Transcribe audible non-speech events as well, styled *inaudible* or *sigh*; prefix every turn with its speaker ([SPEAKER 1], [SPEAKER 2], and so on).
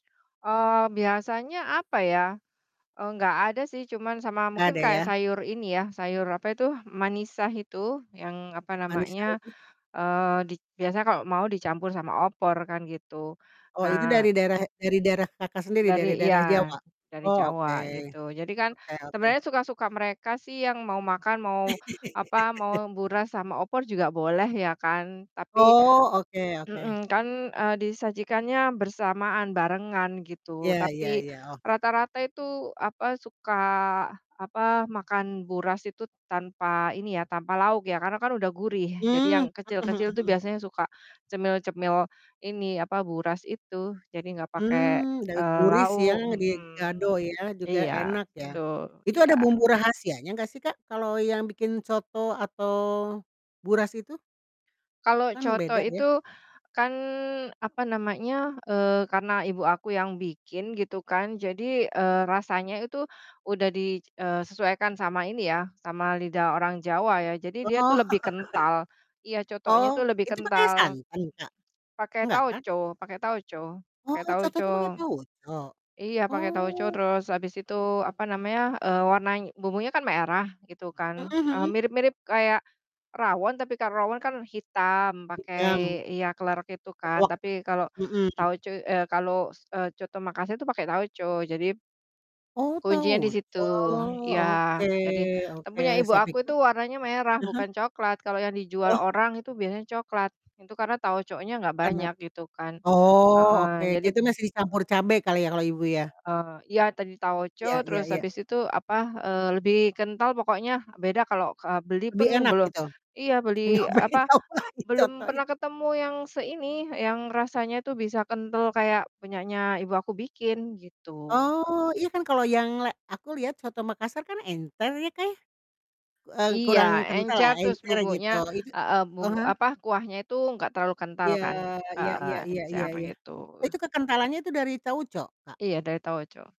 [SPEAKER 1] Eee, biasanya apa ya, eee, nggak ada sih cuman sama
[SPEAKER 2] Nggak
[SPEAKER 1] mungkin
[SPEAKER 2] ada
[SPEAKER 1] kaya
[SPEAKER 2] ya.
[SPEAKER 1] sayur ini ya, sayur apa itu, manisa itu, yang apa
[SPEAKER 2] Manisa
[SPEAKER 1] namanya,
[SPEAKER 2] itu.
[SPEAKER 1] eee, dik biasanya kalo mau dicampur sama opor kan, gitu,
[SPEAKER 2] Oh itu
[SPEAKER 1] nah
[SPEAKER 2] dari daerah dari daerah Kakak sendiri, dari
[SPEAKER 1] Dari iya,
[SPEAKER 2] daerah Jawa?
[SPEAKER 1] dari
[SPEAKER 2] Oh, oke,
[SPEAKER 1] Jawa, gitu. Jadi kan
[SPEAKER 2] oke oke.
[SPEAKER 1] sebenernya suka-suka mereka sih yang mau makan, mau apa,
[SPEAKER 2] *laughs*
[SPEAKER 1] mau buras sama opor juga boleh ya kan, tapi
[SPEAKER 2] Oh, oke oke.
[SPEAKER 1] mhm, kan, eee, disajikannya bersamaan, barengan gitu.
[SPEAKER 2] Iya iya
[SPEAKER 1] Tapi
[SPEAKER 2] iya, oh.
[SPEAKER 1] rata-rata itu apa, suka apa, makan buras itu tanpa ini ya, tanpa lauk ya, karena kan udah gurih, jadi yang
[SPEAKER 2] Mmm, mhm mhm
[SPEAKER 1] kecil-kecil itu
[SPEAKER 2] mhm.
[SPEAKER 1] biasanya suka cemil-cemil ini, apa, buras itu, jadi gak pake,
[SPEAKER 2] Mmm,
[SPEAKER 1] eee,
[SPEAKER 2] daguris ya,
[SPEAKER 1] lauk, mhm.
[SPEAKER 2] digado ya, juga
[SPEAKER 1] Iya,
[SPEAKER 2] enak ya.
[SPEAKER 1] betul,
[SPEAKER 2] Itu ada
[SPEAKER 1] iya.
[SPEAKER 2] bumbu rahasianya nggak sih, Kak, kalau yang bikin coto atau buras itu?
[SPEAKER 1] Kalo
[SPEAKER 2] Kan beda
[SPEAKER 1] coto
[SPEAKER 2] ya?
[SPEAKER 1] itu kan apa namanya, eee, karena ibu aku yang bikin gitu kan.
[SPEAKER 2] Ya.
[SPEAKER 1] Jadi, eee, rasanya itu udah di eee, sesuaikan sama ini ya, sama lidah orang Jawa ya, jadi dia tuh
[SPEAKER 2] Oh.
[SPEAKER 1] lebih kental, iya,
[SPEAKER 2] *laughs*
[SPEAKER 1] cotonya
[SPEAKER 2] Oh,
[SPEAKER 1] itu lebih
[SPEAKER 2] itu pakai
[SPEAKER 1] kental.
[SPEAKER 2] santan, Kak?
[SPEAKER 1] Pake
[SPEAKER 2] Nggak kan?
[SPEAKER 1] tauco pake tauco
[SPEAKER 2] Oh,
[SPEAKER 1] pake
[SPEAKER 2] coto
[SPEAKER 1] tauco.
[SPEAKER 2] itu pake tauco?
[SPEAKER 1] Iya pakai tauco
[SPEAKER 2] Oh.
[SPEAKER 1] terus habis itu apa namanya, eee, warnany bumbunya kan merah gitu kan,
[SPEAKER 2] Mhm
[SPEAKER 1] eee,
[SPEAKER 2] mhm.
[SPEAKER 1] mirip-mirip kayak rawon tapi kalau rawon kan hitam, pakai
[SPEAKER 2] Hitam.
[SPEAKER 1] iya klerek itu kan.
[SPEAKER 2] Klewek.
[SPEAKER 1] Tapi kalau
[SPEAKER 2] Mhm.
[SPEAKER 1] tauco eh, kalau s eee, coto Makasar itu pakai tauco. Jadi
[SPEAKER 2] Oh,
[SPEAKER 1] kuncinya di
[SPEAKER 2] tauco
[SPEAKER 1] situ. Ya,
[SPEAKER 2] Oke
[SPEAKER 1] jadi tapi
[SPEAKER 2] oke,
[SPEAKER 1] punya ibu
[SPEAKER 2] saya
[SPEAKER 1] aku
[SPEAKER 2] pikir
[SPEAKER 1] itu warnanya merah
[SPEAKER 2] ah hah?
[SPEAKER 1] bukan coklat. Kalau yang dijual
[SPEAKER 2] Oh.
[SPEAKER 1] orang itu biasanya coklat, itu karena tauconya gak banyak,
[SPEAKER 2] Kenap
[SPEAKER 1] gitu kan.
[SPEAKER 2] oh,
[SPEAKER 1] Heeh,
[SPEAKER 2] oke, dia
[SPEAKER 1] jadi p
[SPEAKER 2] itu ngasih campur cabe kali ya, kalau ibu ya?
[SPEAKER 1] Eee, iya, tan tauco
[SPEAKER 2] Iya iya
[SPEAKER 1] terus
[SPEAKER 2] iya.
[SPEAKER 1] abis itu apa, eee, lebih kental pokoknya, beda kalau ke eee, beli
[SPEAKER 2] Lebih
[SPEAKER 1] pun
[SPEAKER 2] enak
[SPEAKER 1] beloh
[SPEAKER 2] itu?
[SPEAKER 1] iya beli
[SPEAKER 2] Nyobain,
[SPEAKER 1] apa,
[SPEAKER 2] coba
[SPEAKER 1] belum pernah
[SPEAKER 2] dicontohin.
[SPEAKER 1] ketemu yang seini, yang rasanya itu bisa kental kayak punyanya ibu aku bikin, gitu.
[SPEAKER 2] Oh, iya kan, kalau yang le aku lihat coto Makassar kan encer ya, Kak, ya, eee,
[SPEAKER 1] Iya,
[SPEAKER 2] kurang kental lah,
[SPEAKER 1] encer terus
[SPEAKER 2] encer
[SPEAKER 1] bubuknya,
[SPEAKER 2] gitu. Itu
[SPEAKER 1] e e bumbu
[SPEAKER 2] aha?
[SPEAKER 1] apa, kuahnya itu gak terlalu kental
[SPEAKER 2] Iya,
[SPEAKER 1] kan,
[SPEAKER 2] iya
[SPEAKER 1] heeh,
[SPEAKER 2] iya iya iya
[SPEAKER 1] encer
[SPEAKER 2] iya,
[SPEAKER 1] gitu.
[SPEAKER 2] itu kekentalannya itu dari tauco, Kak?
[SPEAKER 1] Iya, dari tauco.